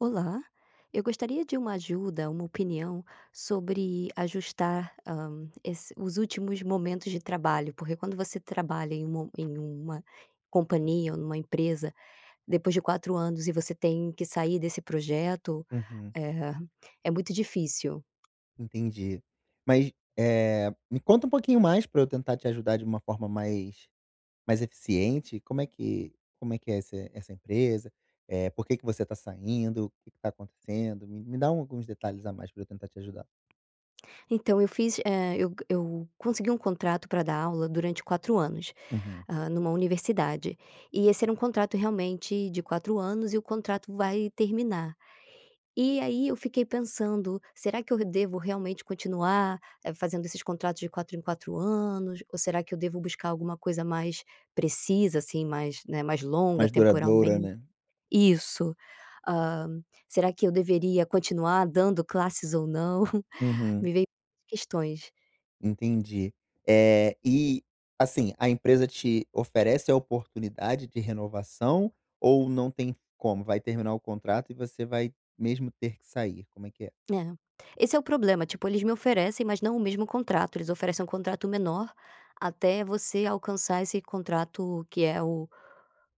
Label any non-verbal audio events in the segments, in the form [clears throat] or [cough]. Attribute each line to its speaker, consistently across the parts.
Speaker 1: Olá, eu gostaria de uma ajuda, uma opinião sobre ajustar, hã, es os últimos momentos de trabalho, porque quando você trabalha em um em uma companhia ou numa empresa, depois de 4 anos e você tem que sair desse projeto,
Speaker 2: Uhum.
Speaker 1: eh, é muito difícil.
Speaker 2: Entendi, mas, eh, me conta um pouquinho mais pra eu tentar te ajudar de uma forma mais mais eficiente, como é que como é que é essa essa empresa, por que que você tá saindo, o que que tá acontecendo, me me dá alguns detalhes a mais pra eu tentar te ajudar.
Speaker 1: Então eu fiz, eh, eu eu consegui um contrato pra dar aula durante 4 anos,
Speaker 2: Uhum.
Speaker 1: hã, numa universidade. E esse era um contrato realmente de 4 anos e o contrato vai terminar. E aí eu fiquei pensando: "Será que eu d devo realmente continuar fazendo esses contratos de 4 em 4 anos? Ou será que eu devo buscar alguma coisa mais precisa, assim, mais, né, mais longa
Speaker 2: Mais duradoura,
Speaker 1: temporalmente?"
Speaker 2: né?
Speaker 1: Isso, hã. "Será que eu deveria continuar dando classes ou não?"
Speaker 2: Uhum.
Speaker 1: Me vem muitas questões.
Speaker 2: Entendi. Eh, e, assim, a empresa te oferece a oportunidade de renovação, ou não tem como, vai terminar o contrato e você vai mesmo ter que sair, como é que é?
Speaker 1: É, esse é o problema, tipo, eles me oferecem mas não o mesmo contrato, eles oferecem um contrato menor até você alcançar esse contrato que é o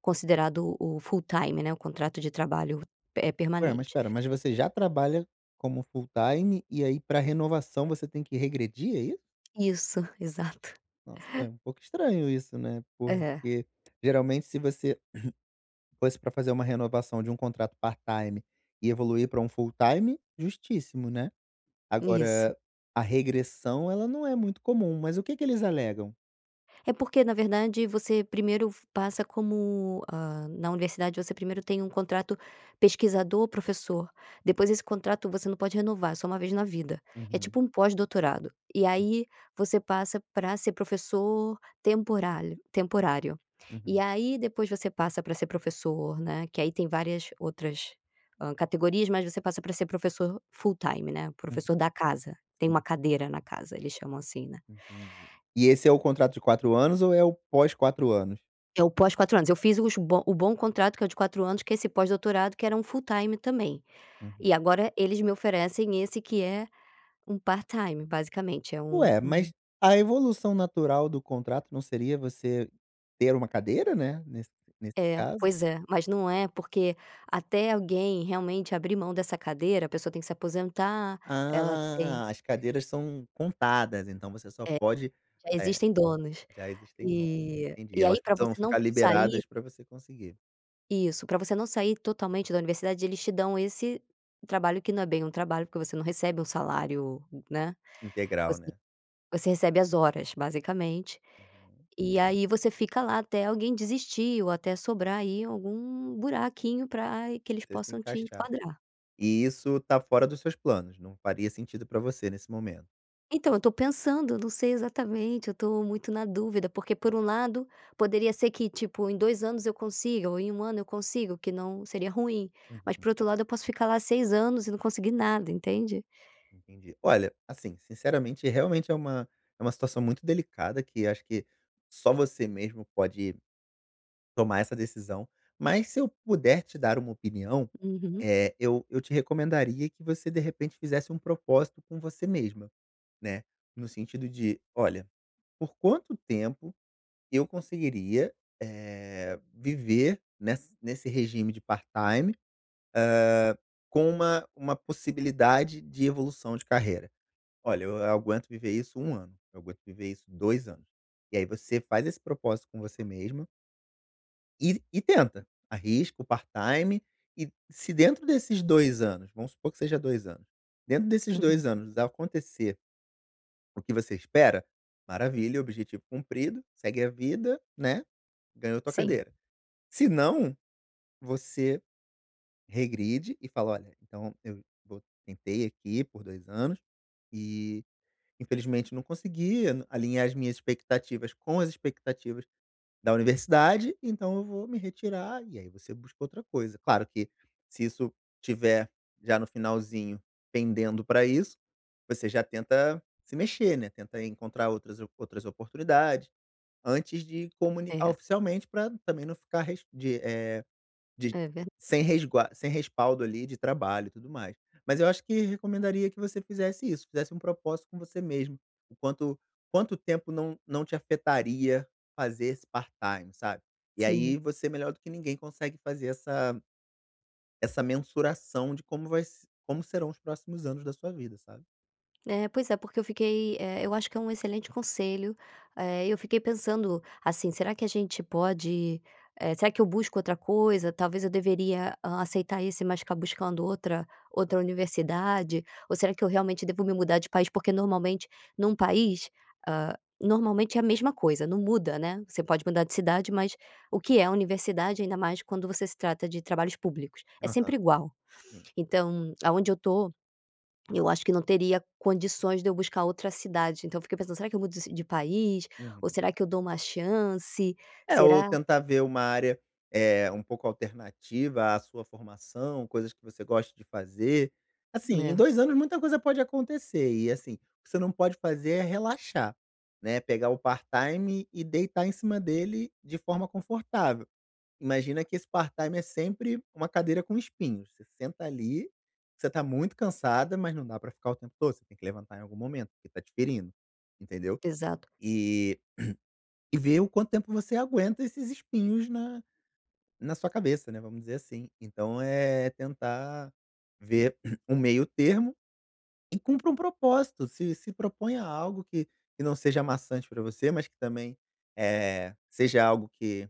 Speaker 1: considerado o full time, né, o contrato de trabalho, eh,
Speaker 2: Ué, mas
Speaker 1: permanente.
Speaker 2: espera, mas você já trabalha como full time e aí para renovação você tem que regredir, é isso?
Speaker 1: Isso. Exato.
Speaker 2: Nossa é um pouco estranho isso, né,
Speaker 1: É.
Speaker 2: porque geralmente se você [clears throat] fosse para fazer uma renovação de contrato part time e evoluir para full time, justíssimo, né.
Speaker 1: Isso.
Speaker 2: Agora a regressão ela não é muito comum, mas o que que eles alegam?
Speaker 1: É porque, na verdade você f primeiro passa como, hã, na universidade você primeiro tem um contrato pesquisador professor, depois desse contrato você não pode renovar, é só uma vez na vida. É
Speaker 2: Uhum.
Speaker 1: tipo um pós-doutorado. E aí você passa pra ser professor temporálio temporário. E
Speaker 2: Uhum.
Speaker 1: aí depois você passa pra ser professor, né, que aí tem várias outras, hã, categorias mas você passa pra ser professor full time, né,
Speaker 2: Uhum.
Speaker 1: professor da casa, tem uma
Speaker 2: sim.
Speaker 1: cadeira na casa, eles chamam assim, né.
Speaker 2: Entendi. E esse é o
Speaker 1: E
Speaker 2: contrato de 4 anos ou é o pós 4 anos?
Speaker 1: É o pós 4 anos, eu fiz os bo o bom contrato que é o de 4 anos que é esse pós-doutorado que era um full time também. E
Speaker 2: Uhum.
Speaker 1: agora eles me oferecem esse que é um part-time basicamente, é um
Speaker 2: Ué,
Speaker 1: um
Speaker 2: mas a evolução natural do contrato não seria você ter uma cadeira, né? Nesse nesse
Speaker 1: É,
Speaker 2: caso.
Speaker 1: pois é, mas não é, porque até alguém realmente abrir mão dessa cadeira, a pessoa tem que se aposentar, ela tem
Speaker 2: Ah, as cadeiras são contadas, então você só
Speaker 1: É,
Speaker 2: pode
Speaker 1: já
Speaker 2: eh,
Speaker 1: existem donos.
Speaker 2: já existem nomes,
Speaker 1: E
Speaker 2: entendi,
Speaker 1: e
Speaker 2: elas
Speaker 1: aí pra
Speaker 2: precisam
Speaker 1: você não
Speaker 2: ficar
Speaker 1: sair
Speaker 2: liberadas pra você conseguir.
Speaker 1: Isso, pra você não sair totalmente da universidade eles te dão esse trabalho, que não é bem um trabalho, porque você não recebe um salário, né.
Speaker 2: Integral né?
Speaker 1: Você recebe as horas basicamente,
Speaker 2: Uhum.
Speaker 1: e aí você fica lá até alguém desistir, ou até sobrar aí algum "buraquinho" pra que eles
Speaker 2: Você se
Speaker 1: possam te
Speaker 2: encaixar.
Speaker 1: enquadrar.
Speaker 2: E isso tá fora dos seus planos? Não faria sentido pra você nesse momento?
Speaker 1: Então, eu tô pensando, eu não sei exatamente, eu tô muito na dúvida. Porque por um lado, poderia ser que tipo em 2 anos eu consiga, ou em 1 ano eu consigo, que não seria ruim, mas
Speaker 2: Uhum.
Speaker 1: por outro lado eu posso ficar lá 6 anos e não consegui nada, entende?
Speaker 2: Entendi. Olha, assim, sinceramente, realmente é uma é uma situação muito delicada que acho que só você mesmo pode tomar essa decisão, mas se eu puder te dar uma opinião,
Speaker 1: Uhum.
Speaker 2: eh, eu eu te recomendaria que você de repente fizesse propósito com você mesma, né. No sentido de: "Olha, por quanto tempo eu conseguiria, eh, viver nessa nesse regime de part-time, hã, com uma uma possibilidade de evolução de carreira?" "Olha eu aguento viver isso 1 ano, eu aguento viver isso 2 anos." E aí você faz esse propósito com você mesma, e e tenta, arrisca o part-time, e se dentro desses 2 anos, vamos supor que seja 2 anos, dentro desses
Speaker 1: Uhum.
Speaker 2: 2 anos acontecer o que você espera, maravilha, objetivo cumprido, segue a vida, né. Ganhou tua
Speaker 1: Sim.
Speaker 2: cadeira. Senão, você regride e fala: "Olha, então eu vo tentei aqui por 2 anos, e infelizmente não consegui alinhar as minhas expectativas com as expectativas da universidade, então eu vou me retirar." E aí você busca outra coisa, claro que, se isso tiver já no finalzinho pendendo pra isso, você já tenta se mexer, né, tentar encontrar outras op outras oportunidades, antes de comunicar
Speaker 1: É.
Speaker 2: oficialmente pra também não ficar res de eh, de,
Speaker 1: É verda
Speaker 2: sem resgua sem respaldo ali de trabalho, e tudo mais. Mas eu acho que recomendaria que você fizesse isso, fizesse propósito com você mesma, em quanto quanto tempo não não te afetaria fazer esse part-time, sabe. E aí
Speaker 1: Sim.
Speaker 2: você, melhor do que ninguém consegue fazer essa essa mensuração de como vai se como serão os próximos anos da sua vida, sabe.
Speaker 1: É, pois é, porque eu fiquei eh, eu acho que é excelente conselho. Eh, eu fiquei pensando, assim, será que a gente pode, eh será que eu busco outra coisa? Talvez eu deveria aceitar esse mas ficar buscando outra outra universidade? Ou será que eu realmente devo me mudar de país? Porque normalmente num país, ah, normalmente é a mesma coisa, não muda, né. Você pode mudar de cidade mas, o que é a universidade ainda mais quando você se trata de trabalhos públicos? É
Speaker 2: Aham.
Speaker 1: sempre igual.
Speaker 2: Sim.
Speaker 1: Então, aonde eu tô, [swallows] eu acho que não teria condições de eu buscar outra cidade. Então eu fiquei pensando, será que eu mudo de de país?
Speaker 2: Uhum.
Speaker 1: Ou será que eu dou uma chance?
Speaker 2: É, ou
Speaker 1: Será
Speaker 2: tentar ver uma área, eh, um pouco alternativa à sua formação, coisas que você goste de fazer. Assim, em
Speaker 1: Não.
Speaker 2: 2 anos muita coisa pode acontecer, e assim, o que você não pode fazer é relaxar, né. Pegar o part-time e deitar em cima dele de forma confortável. Imagina que esse part-time é sempre uma cadeira com espinhos, você senta ali, você tá muito cansada, mas não dá pra ficar o tempo todo, você tem que levantar em algum momento, porque tá te ferindo, entendeu.
Speaker 1: Exato.
Speaker 2: E [clears throat] e ver o quanto tempo você aguenta esses espinhos na na sua cabeça, né, vamos dizer assim. Então, é tentar ver [clears throat] um meio termo, e cumpre um propósito, se se proponha algo que que não seja maçante pra você, mas que também, eh, seja algo que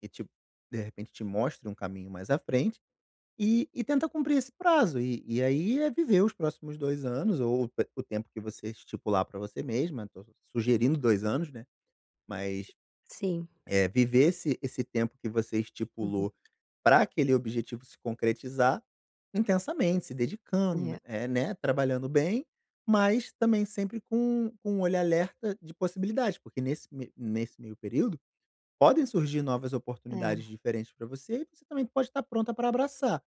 Speaker 2: que te de repente te mostre um caminho mais à frente, e e tenta cumprir esse prazo. E e aí é viver os próximos 2 anos, ou o tempo que você estipular pra você mesma, tô sugerindo 2 anos, né, mas,
Speaker 1: Sim.
Speaker 2: eh, viver esse esse tempo que você
Speaker 1: Uhum.
Speaker 2: estipulou pra aquele objetivo se concretizar, intensamente. Se dedicando,
Speaker 1: É.
Speaker 2: eh né, trabalhando bem, mas também sempre com com olhar alerta de possibilidade. Porque nesse ne nesse meio período, podem surgir novas oportunidades
Speaker 1: É.
Speaker 2: diferentes pra você e você também pode tá pronta pra abraçar.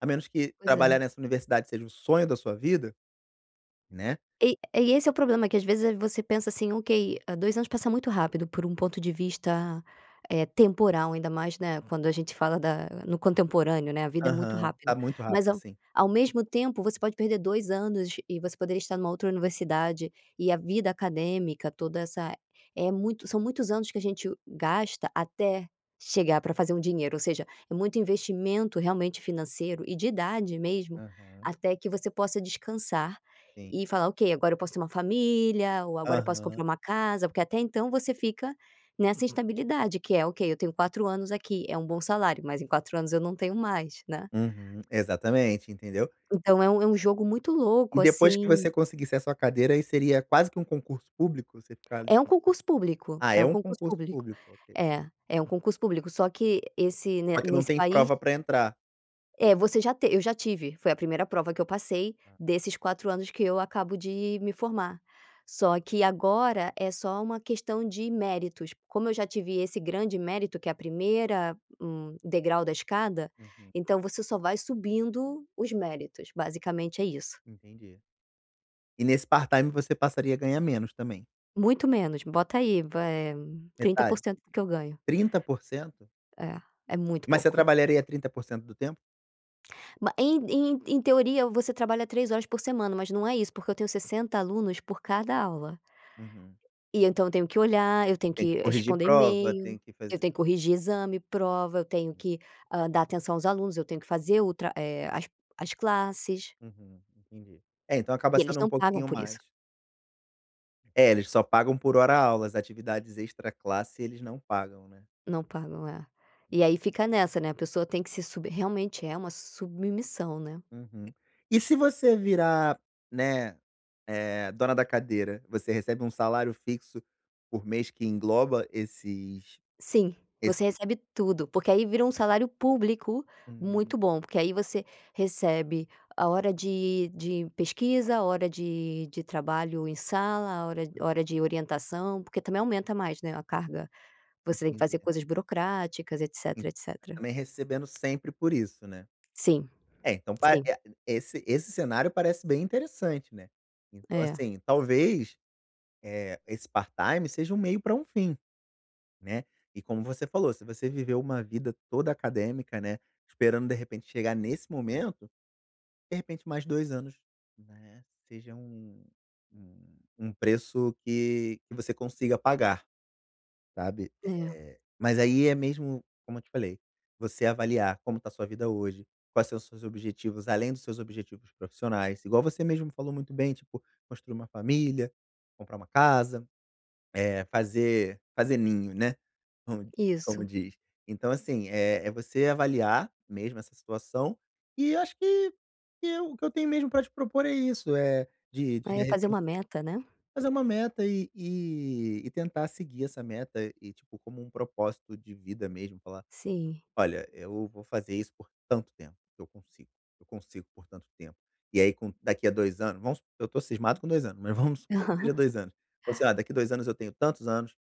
Speaker 2: A menos que
Speaker 1: Pois
Speaker 2: trabalhar
Speaker 1: é.
Speaker 2: nessa universidade seja o sonho da sua vida, né.
Speaker 1: E e esse é o problema. Que às vezes você pensa assim ok, 2 anos passa muito rápido por um ponto de vista, eh, temporal, ainda mais, né, quando a gente fala da no contemporâneo, né, a vida é muito
Speaker 2: Aham,
Speaker 1: rápida.
Speaker 2: tá muito
Speaker 1: Mas
Speaker 2: rápido,
Speaker 1: ao
Speaker 2: assim.
Speaker 1: ao mesmo tempo você pode perder 2 anos e você poderia estar numa outra universidade, e a vida acadêmica toda essa é muito são muitos anos que a gente gasta até chegar pra fazer um dinheiro, ou seja, é muito investimento realmente financeiro e de idade mesmo,
Speaker 2: Aham.
Speaker 1: até que você possa descansar
Speaker 2: Sim.
Speaker 1: e falar: "Ok agora eu posso ter uma família ou agora eu posso
Speaker 2: Aham.
Speaker 1: comprar uma casa", porque até então você fica nessa instabilidade que é: "Ok, eu tenho 4 anos aqui, é bom salário." Mas em 4 anos eu não tenho mais, né.
Speaker 2: Uhum. Exatamente, entendeu?
Speaker 1: Então é é um jogo muito
Speaker 2: E
Speaker 1: louco
Speaker 2: depois que
Speaker 1: assim
Speaker 2: você conseguisse a sua cadeira aí seria quase que um concurso público? Você ficar ali
Speaker 1: É um concurso público,
Speaker 2: Ah
Speaker 1: é
Speaker 2: é
Speaker 1: um
Speaker 2: um
Speaker 1: concurso
Speaker 2: concurso
Speaker 1: público.
Speaker 2: público, ok.
Speaker 1: É é um concurso público só que esse
Speaker 2: Só que não
Speaker 1: nesse
Speaker 2: tem
Speaker 1: país
Speaker 2: prova pra entrar. [unintelligible]
Speaker 1: É você já te eu já tive, foi a primeira prova que eu passei,
Speaker 2: Hã.
Speaker 1: desses 4 anos que eu acabo de me formar. Só que agora é só uma questão de méritos. Como eu já tive esse grande mérito, que é a primeira, hum, degrau da escada,
Speaker 2: Uhum.
Speaker 1: então você só vai subindo os méritos, basicamente é isso.
Speaker 2: Entendi. E nesse part-time você passaria a ganhar menos também?
Speaker 1: Muito menos, bota aí, eh, trinta por
Speaker 2: Metade?
Speaker 1: cento do que eu ganho.
Speaker 2: 30%?
Speaker 1: É é muito
Speaker 2: Mas você
Speaker 1: pouco.
Speaker 2: trabalharia 30% do tempo?
Speaker 1: Ba em em em teoria você trabalha 3 horas por semana, mas não é isso porque eu tenho 60 alunos por cada aula.
Speaker 2: Uhum.
Speaker 1: E então eu tenho que olhar, eu tenho
Speaker 2: Tem que
Speaker 1: que
Speaker 2: corrigir
Speaker 1: responder
Speaker 2: prova,
Speaker 1: email,
Speaker 2: tem que
Speaker 1: eu
Speaker 2: fazer
Speaker 1: tenho que corrigir exame, prova, eu tenho que, hã, dar atenção aos alunos, eu tenho que fazer outra, eh, as as classes.
Speaker 2: Uhum, entendi. É então acaba
Speaker 1: E eles
Speaker 2: sendo um
Speaker 1: não pagam
Speaker 2: pouquinho
Speaker 1: por
Speaker 2: mais.
Speaker 1: isso.
Speaker 2: É, eles só pagam por hora-aulas. Atividades extraclasse eles não pagam, né.
Speaker 1: Não pagam, é. E aí fica nessa, né, a pessoa tem que se sub realmente é uma submissão, né.
Speaker 2: Uhum. E se você virar, né, eh, dona da cadeira? Você recebe um salário fixo por mês que engloba esses
Speaker 1: Sim,
Speaker 2: esse
Speaker 1: você recebe tudo porque aí vira um salário público
Speaker 2: Hum.
Speaker 1: muito bom, porque aí você recebe a hora de de pesquisa, a hora de de trabalho em sala, a hora
Speaker 2: Hum.
Speaker 1: hora de orientação, porque também aumenta mais, né, a carga. Você tem que
Speaker 2: Entendi.
Speaker 1: fazer coisas burocráticas,
Speaker 2: En
Speaker 1: etc.
Speaker 2: e
Speaker 1: etc.
Speaker 2: também recebendo sempre por isso, né.
Speaker 1: Sim.
Speaker 2: É, então pa
Speaker 1: Sim.
Speaker 2: e a esse esse cenário parece bem interessante, né. Então
Speaker 1: É.
Speaker 2: assim, talvez, eh, esse part-time seja um meio pra um fim, né. E como você falou, se você viveu uma vida toda acadêmica, né, esperando de repente chegar nesse momento, de repente mais 2 anos, né, seja um um um preço que que você consiga pagar, sabe.
Speaker 1: É.
Speaker 2: Eh, mas aí é mesmo, como eu te falei, você avaliar como tá a sua vida hoje, quais são os seus objetivos, além dos seus objetivos profissionais, igual você mesmo me falou muito bem, tipo, construir uma família, comprar uma casa, eh, fazer fazer ninho, né, com como
Speaker 1: Isso.
Speaker 2: diz. Então assim, eh, é você avaliar mesmo essa situação, e acho que que eu o que eu tenho mesmo pra te propor é isso, eh, de de
Speaker 1: Aí
Speaker 2: de
Speaker 1: é fazer
Speaker 2: repen
Speaker 1: uma meta, né.
Speaker 2: fazer uma meta e e e tentar seguir essa meta, e tipo, como um propósito de vida mesmo falar:
Speaker 1: Sim.
Speaker 2: "Olha, eu vou fazer isso por tanto tempo que eu consigo eu consigo por tanto tempo". E aí com daqui à 2 anos. Vamos su eu tô cismado com 2 anos, mas vamos supor que seja
Speaker 1: [laughs]
Speaker 2: 2 anos, você: "Ah, daqui à 2 anos eu tenho tantos anos,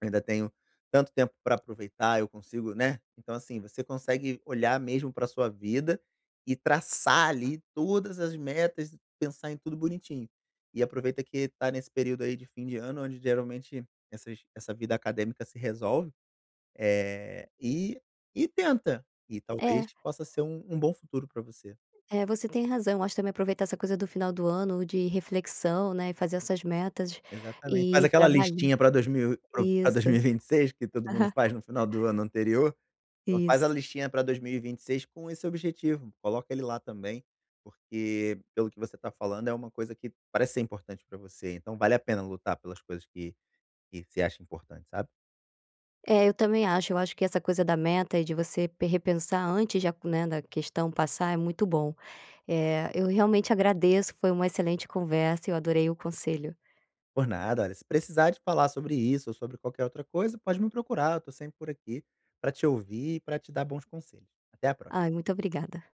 Speaker 2: ainda tenho tanto tempo pra aproveitar, eu consigo", né. Então assim, você consegue olhar mesmo pra sua vida e traçar ali todas as metas, pensar em tudo bonitinho. E aproveita que tá nesse período aí de fim de ano, onde geralmente essas essa vida acadêmica se resolve, eh, e e tenta, e talvez
Speaker 1: É.
Speaker 2: possa ser um um bom futuro pra você.
Speaker 1: É, você tem razão. Eu acho também aproveitar essa coisa do final do ano de reflexão, né, e fazer essas metas
Speaker 2: Exatamente. Faz
Speaker 1: e
Speaker 2: aquela
Speaker 1: trabalhar.
Speaker 2: listinha pra 2000 e pra pra dois
Speaker 1: Isso.
Speaker 2: mil e vinte e seis, que todo mundo
Speaker 1: Aham.
Speaker 2: faz no final do ano anterior. Então faz a
Speaker 1: Isso.
Speaker 2: listinha pra 2026 com esse objetivo, coloca ele lá também, porque pelo que você tá falando é uma coisa que parece ser importante pra você. Então vale a pena lutar pelas coisas que que você acha importante, sabe.
Speaker 1: É, eu também acho. Eu acho que essa coisa da meta e de você pe repensar antes de aco né, da questão passar é muito bom. Eh, eu realmente agradeço foi uma excelente conversa, eu adorei o conselho.
Speaker 2: Por nada. Olha, se precisar de falar sobre isso ou sobre qualquer outra coisa pode me procurar. Eu tô sempre por aqui pra te ouvir e pra te dar bons conselhos. Até a pró
Speaker 1: Ai muito obrigada.